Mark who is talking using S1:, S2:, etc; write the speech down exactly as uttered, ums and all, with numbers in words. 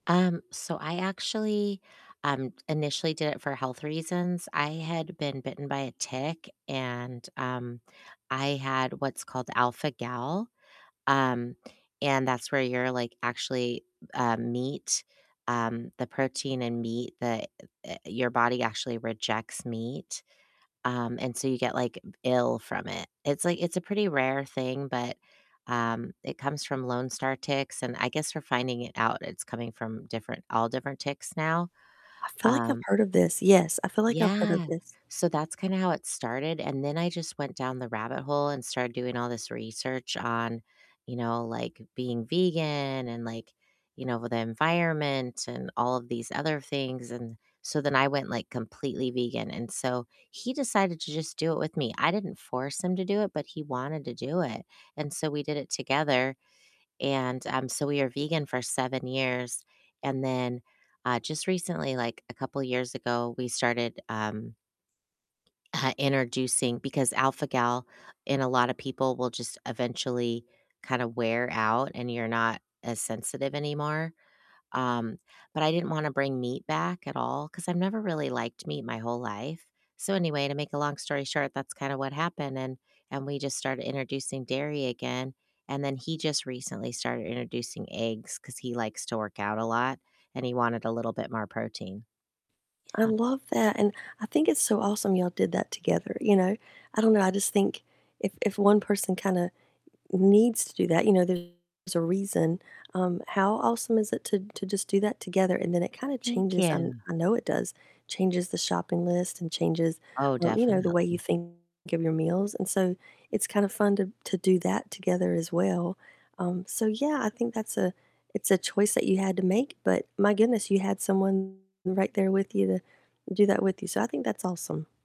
S1: Um, so I actually, um, initially did it for health reasons. I had been bitten by a tick and, um, I had what's called alpha-gal. Um, and that's where you're, like, actually, uh, meat, um, the protein in meat, the, uh, your body actually rejects meat. Um, and so you get, like, ill from it. It's like it's a pretty rare thing, but, um, it comes from lone star ticks, and I guess we're finding it out it's coming from different all different ticks now.
S2: I feel like I've
S1: Um
S2: heard of this. Yes, I feel like I've heard of
S1: Yeah,
S2: this.
S1: so that's kinda how it started, and then I just went down the rabbit hole and started doing all this research on, you know, like, being vegan and, like, you know, the environment and all of these other things. And so then I went, like, completely vegan, and so he decided to just do it with me. I didn't force him to do it, but he wanted to do it, and so we did it together. And, um, so we were vegan for seven years, and then, uh, just recently, like a couple years ago, we started, um uh, introducing Because alpha-gal in a lot of people will just eventually kinda wear out and you're not as sensitive anymore. Um, but I didn't wanna bring meat back at all 'cause I've never really liked meat my whole life. So anyway, to make a long story short, that's kinda what happened and and we just started introducing dairy again, and then he just recently started introducing eggs 'cause he likes to work out a lot and he wanted a little bit more protein.
S2: I
S1: Yeah.
S2: love that, and I think it's so awesome y'all did that together, you know? I don't know, I just think if if one person kinda needs to do that, you know, there's a reason, um, how awesome is it to to just do that together, and then it kinda
S1: Thank
S2: changes, um,
S1: you.
S2: I know it does, changes the shopping list and changes,
S1: Oh,
S2: um, you know, the way you
S1: definitely.
S2: think of your meals. And so it's kind of fun to to do that together as well. Um, so yeah, I think that's a it's a choice that you had to make, but my goodness, you had someone right there with you to do that with you. So I think that's awesome.